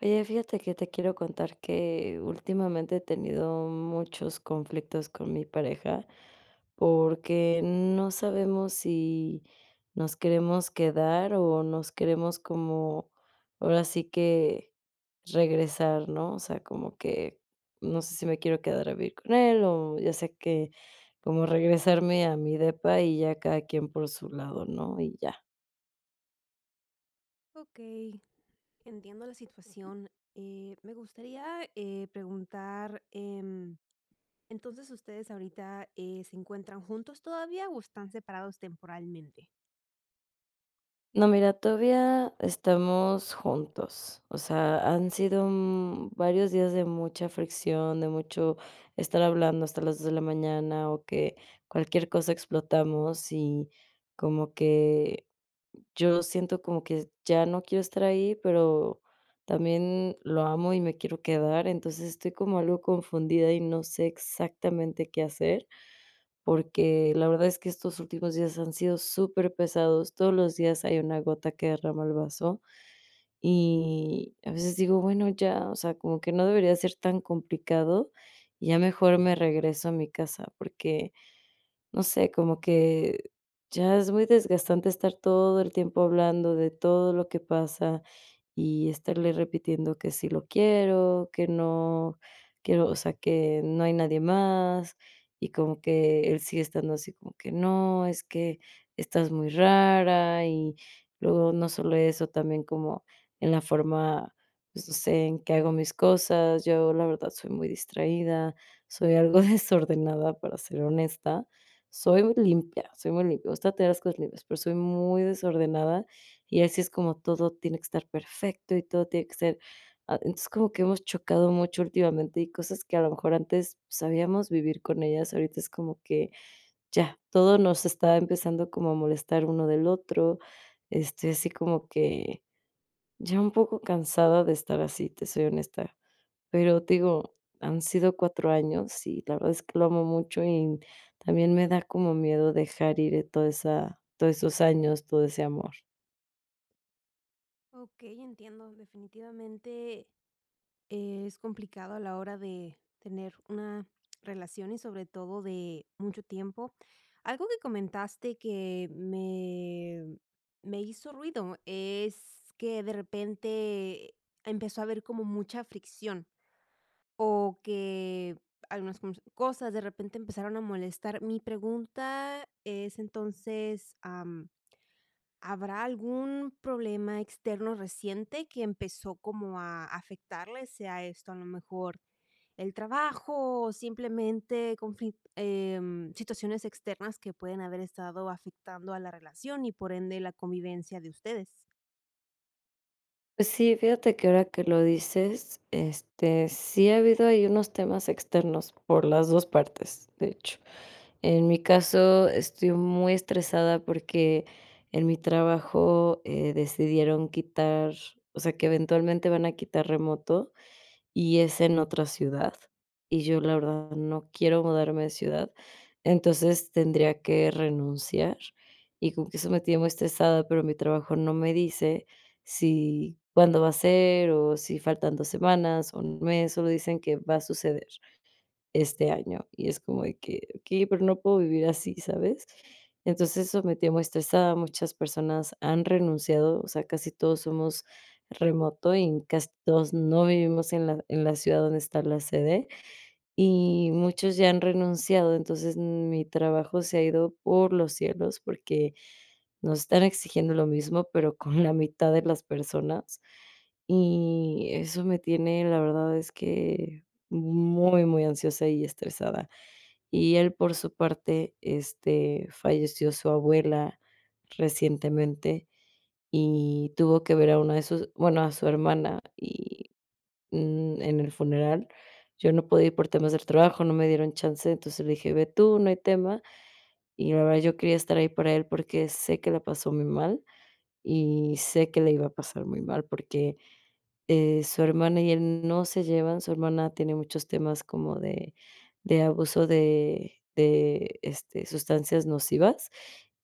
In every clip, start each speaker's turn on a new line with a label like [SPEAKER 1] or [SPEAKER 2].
[SPEAKER 1] Oye, fíjate que te quiero contar que últimamente he tenido muchos conflictos con mi pareja, porque no sabemos si nos queremos quedar o nos queremos como ahora sí que regresar, ¿no? O sea, como que no sé si me quiero quedar a vivir con él, o ya sé que como regresarme a mi depa, y ya cada quien por su lado, ¿no? Y ya.
[SPEAKER 2] Okey, entiendo la situación. Eh, me gustaría preguntar, em, entonces, ¿ustedes ahorita eh, se encuentran juntos todavía o están separados temporalmente?
[SPEAKER 1] No, mira, todavía estamos juntos, o sea, han sido, mm, varios días de mucha fricción, de mucho estar hablando hasta las 2 de la mañana, o que cualquier cosa, explotamos, y como que yo siento como que ya no quiero estar ahí, pero también lo amo y me quiero quedar. Entonces, estoy como algo confundida y no sé exactamente qué hacer, porque la verdad es que estos últimos días han sido superpesados, todos los días hay una gota que derrama el vaso, y a veces digo: "Bueno, ya, o sea, como que no debería ser tan complicado", y ya mejor me regreso a mi casa, porque, no sé, como que ya es muy desgastante estar todo el tiempo hablando de todo lo que pasa, y estarle repitiendo que sí lo quiero, que no quiero o sea, que no hay nadie más, y como que él sigue estando así como que: "No, es que estás muy rara", y luego no solo eso, también como en la forma, pues no sé, en qué hago mis cosas. Yo, la verdad, soy muy distraída, soy algo desordenada, para ser honesta, soy limpia, soy muy limpia, me gusta tener las cosas limpias, pero soy muy desordenada, y así es como todo tiene que estar perfecto y todo tiene que ser Ah, entonces, como que hemos chocado mucho últimamente, y cosas que a lo mejor antes sabíamos vivir con ellas, ahorita es como que ya todo nos está empezando como a molestar uno del otro, este, así como que ya un poco cansada de estar así, te soy honesta. Pero, te digo, han sido 4 años y la verdad es que lo amo mucho, y también me da como miedo dejar ir toda esa todos esos años, todo ese amor.
[SPEAKER 2] Okey, entiendo definitivamente, es complicado a la hora de tener una relación y sobre todo de mucho tiempo. Algo que comentaste que me me hizo ruido es que de repente empezó a haber como mucha fricción o que algunas [unintelligible] cosas, de repente empezaron a molestar. Mi pregunta es entonces. Am, ¿habrá algún problema externo reciente que empezó como a afectarles?, sea esto a lo mejor el trabajo o simplemente confi em, situaciones externas que pueden haber estado afectando a la relación y por ende la convivencia de ustedes.
[SPEAKER 1] Sí, fíjate que ahora que lo dices, este, sí ha habido ahí unos temas externos por las 2 partes, de hecho. En mi caso, estoy muy estresada porque en mi trabajo, eh, decidieron quitar o sea, que eventualmente van a quitar remoto, y es en otra ciudad, y yo la verdad no quiero mudarme de ciudad, entonces tendría que renunciar, y como que eso me tiene muy estresada, pero mi trabajo no me dice si cuándo va a ser, o si faltan 2 semanas, o 1 mes, solo dicen que va a suceder este año, y es como de que: "Okey, pero no puedo vivir así", ¿sabes?, entonces, eso me tiene muy estresada, muchas personas han renunciado, o sea, casi todos somos remoto, y casi todos no vivimos en la en la ciudad donde está la sede, y muchos ya han renunciado, entonces, m mi trabajo se ha ido por los cielos porque nos están exigiendo lo mismo, pero con la mitad de las personas, y eso me tiene, la verdad es que muy muy ansiosa y estresada. Y él, por su parte, este, falleció su abuela recientemente, y tuvo que ver a una de sus bueno, a su hermana, y n en el funeral yo no podía ir por temas del trabajo, no me dieron chance, entonces le dije: "Ve tú, no hay tema", y la verdad yo quería estar ahí para él porque sé que la pasó muy mal, y sé que le iba a pasar muy mal porque eh, su hermana y él no se llevan, su hermana tiene muchos temas como de de abuso de de, este, sustancias nocivas,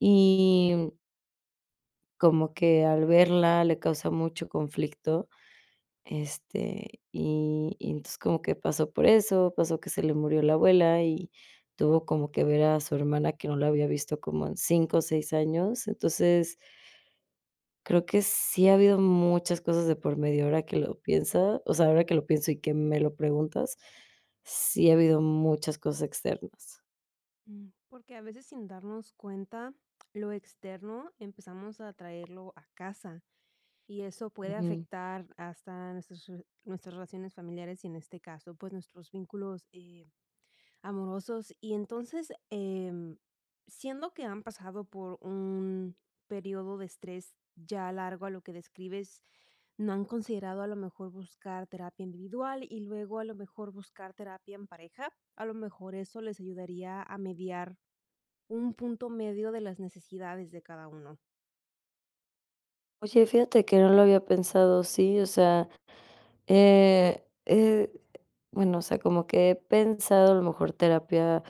[SPEAKER 1] y como que al verla le causa mucho conflicto, este, y y entonces como que pasó por eso, pasó que se le murió la abuela, y tuvo como que ver a su hermana que no la había visto como en 5 o 6 años, entonces Creo que sí ha habido muchas cosas de por medio, ahora que lo pienso o sea, ahora que lo pienso y que me lo preguntas, sí ha habido muchas cosas externas.
[SPEAKER 2] Mm, porque a veces, sin darnos cuenta, lo externo, empezamos a traerlo a casa y eso puede
[SPEAKER 1] Ujú.
[SPEAKER 2] afectar hasta nuestras re nuestras relaciones familiares y en este caso, pues, nuestros vínculos, eh, amorosos. Y entonces, em, siendo que han pasado por un período de estrés ya largo a lo que describes, no han considerado a lo mejor buscar terapia individual y luego a lo mejor buscar terapia en pareja, a lo mejor eso les ayudaría a mediar un punto medio de las necesidades de cada uno.
[SPEAKER 1] Oye, fíjate que no lo había pensado así, o sea, eh eh, bueno, o sea, como que he pensado a lo mejor terapia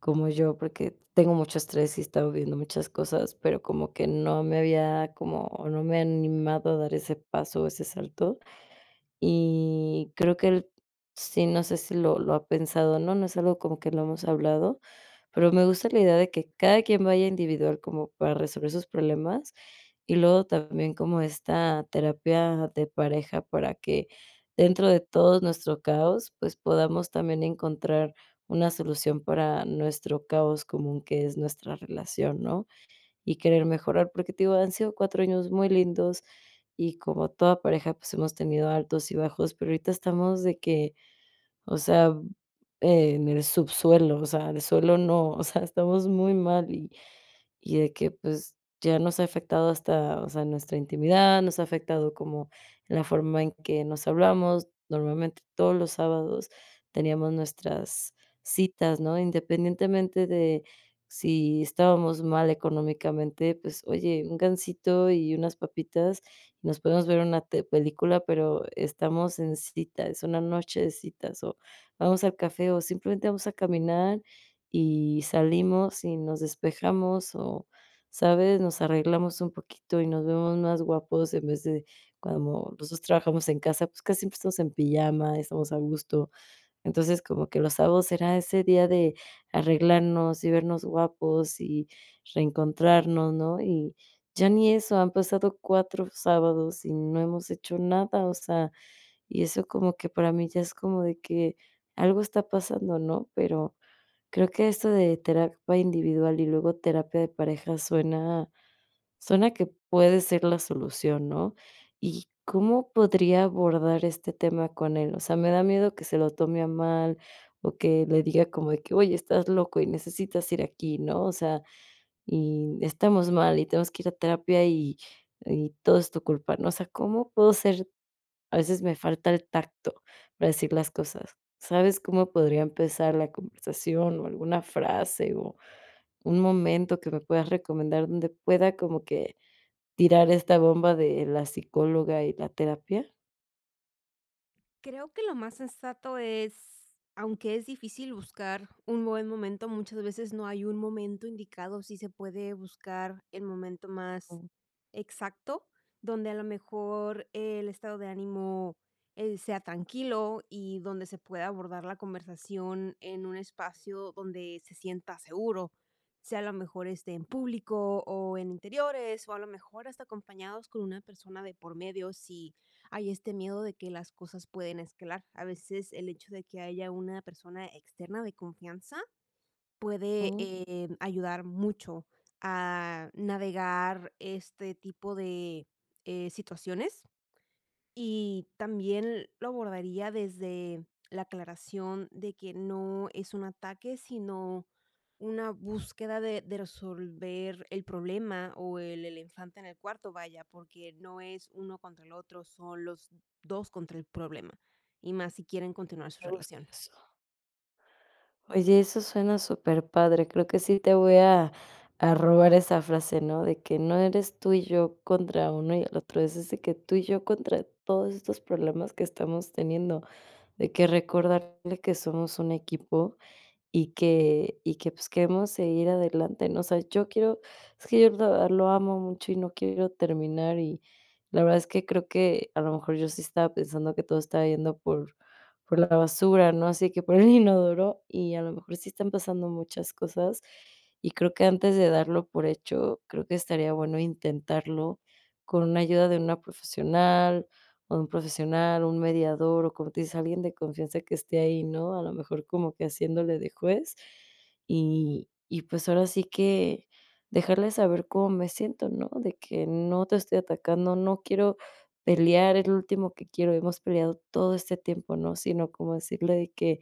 [SPEAKER 1] como yo, porque tengo mucho estrés y he estado viendo muchas cosas, pero como que no me había, como, no me había animado a dar ese paso o ese salto. Y creo que él sí, no sé si, lo lo ha pensado o no no es algo como que no hemos hablado, pero me gusta la idea de que cada quien vaya individual, como para resolver sus problemas, y luego también como esta terapia de pareja para que dentro de todos nuestro caos, pues podamos también encontrar una solución para nuestro caos común que es nuestra nuestra relación, ¿no?, y querer mejorar, porque te digo, han sido 4 años muy lindos y como toda pareja, pues hemos tenido altos y bajos, pero ahorita estamos de que, o sea, en el subsuelo, o sea, de suelo no, o sea, estamos muy mal y de que, pues, ya nos ha afectado hasta, o sea, nuestra intimidad, nos ha afectado como en la forma en que nos hablamos, normalmente todos los sábados teníamos nuestras citas, ¿no?, independientemente de si estábamos mal económicamente, pues: "Oye, un gansito y unas papitas, nos podemos ver una te una película", pero estamos en cita, es una noche de citas, o vamos al café, o simplemente vamos a caminar y salimos y nos despejamos o, ¿sabes?, nos arreglamos un poquito y nos vemos más guapos en vez de cuando nosotros trabajamos en casa, pues, casi empezamos en pijama, estamos a gusto. Entonces, como que los sábados era ese día de arreglarnos, y vernos guapos y reencontrarnos, ¿no?, y ya ni eso, han pasado 4 sábados y no hemos hecho nada, o sea, y eso como que para mí ya es como de que algo está pasando, ¿no?, pero creo que esto de terapia individual y luego terapia de pareja suena suena que puede ser la solución, ¿no?, y, ¿cómo podría abordar este tema con él?, o sea, me da miedo que se lo tome a mal, o que le diga como de que: "Oye estás loco y necesitas ir aquí", ¿no?, o sea, y estamos mal, y tenemos que ir a terapia y y todo es tu culpa, ¿no?, o sea, ¿cómo puedo ser?, a veces me falta el tacto para decir las cosas, ¿sabes cómo podría empezar la conversación, o alguna frase, o un momento que me puedas recomendar donde pueda como que tirar esta bomba de la psicóloga y la terapia?
[SPEAKER 2] Creo que lo más sensato es aunque es difícil buscar un buen momento, muchas veces no hay un momento indicado, sí se puede buscar el momento más
[SPEAKER 1] Um.
[SPEAKER 2] exacto, donde a lo mejor el estado de ánimo, eh, sea tranquilo. Y donde se pueda abordar la conversación en un espacio donde se sienta seguro, sea a lo mejor, este, en público o en interiores, o a lo mejor hasta acompañados con una persona de por medio, si hay este miedo de que las cosas pueden escalar. A veces el hecho de que haya una persona externa de confianza puede,
[SPEAKER 1] Ujú.
[SPEAKER 2] eh, ayudar mucho a navegar este tipo de, eh, situaciones. Y también lo abordaría desde la aclaración de que no es un ataque, sino una búsqueda de de resolver el problema, o el el infante en el cuarto, vaya, porque no es uno contra el otro, son los 2 contra el problema. Y más si quieren continuar su
[SPEAKER 1] Me gusta
[SPEAKER 2] relación.
[SPEAKER 1] eso. Oye, eso suena superpadre, creo que sí te voy a a robar esa frase, ¿no? de que no eres tú y yo contra uno y el otro, es decir, que tú y yo contra todos estos problemas que estamos teniendo, de que recordarle que somos un equipo, y que y que, pues, queremos seguir adelante, ¿no? O sea, yo quiero es que yo de verdad lo amo mucho y no quiero terminar. Y la verdad es que creo que a lo mejor yo sí estaba pensando que todo estaba yendo por por la basura, ¿no? Así que por el inodoro, y a lo mejor sí están pasando muchas cosas, y creo que antes de darlo por hecho, creo que estaría bueno intentarlo con una ayuda de una profesional o de un profesional, un mediador, o como te dice alguien de confianza que esté ahí, ¿no? A lo mejor como que haciéndole de juez, y y pues, ahora sí que dejarle saber cómo me siento, ¿no? De que: "No te estoy atacando, no quiero pelear, es lo último que quiero, hemos peleado todo este tiempo", ¿no? Sino como decirle de que: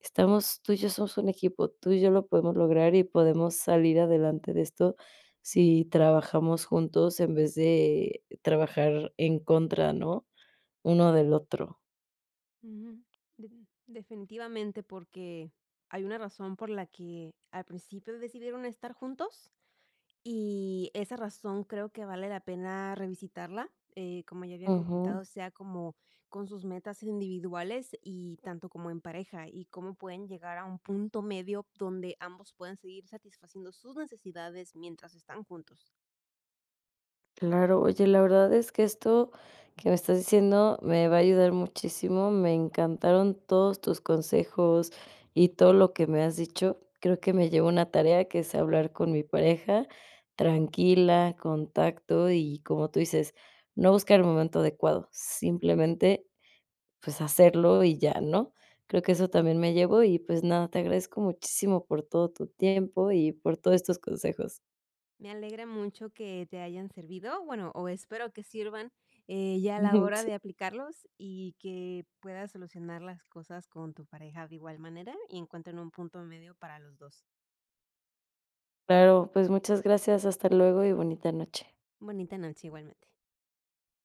[SPEAKER 1] "Estamos tú y yo somos un equipo, tú y yo lo podemos lograr, y podemos salir adelante de esto si trabajamos juntos en vez de trabajar en contra, ¿no?, uno del otro".
[SPEAKER 2] Ujú, de definitivamente porque hay una razón por la que al principio decidieron estar juntos y esa razón creo que vale la pena revisitarla, eh, como ya había
[SPEAKER 1] Ujú.
[SPEAKER 2] comentado, sea como con sus metas individuales y tanto como en pareja y cómo pueden llegar a un punto medio donde ambos pueden seguir satisfaciendo sus necesidades mientras están juntos.
[SPEAKER 1] Claro, oye, la verdad es que esto que me estás diciendo me va a ayudar muchísimo, me encantaron todos tus consejos y todo lo que me has dicho, creo que me llevo una tarea que es hablar con mi pareja tranquila, con tacto, y como tú dices, no buscar el momento adecuado, simplemente, pues hacerlo y ya, ¿no?, creo que eso también me llevo, y pues nada, te agradezco muchísimo por todo tu tiempo y por todos estos consejos.
[SPEAKER 2] Me alegra mucho que te hayan servido, bueno, o espero que sirvan, eh, ya a la
[SPEAKER 1] Ujú,
[SPEAKER 2] hora
[SPEAKER 1] sí.
[SPEAKER 2] de aplicarlos y que puedas solucionar las cosas con tu pareja de igual manera y encuentren un punto medio para los 2.
[SPEAKER 1] Claro, pues muchas gracias, hasta luego, y bonita noche.
[SPEAKER 2] Bonita noche, igualmente.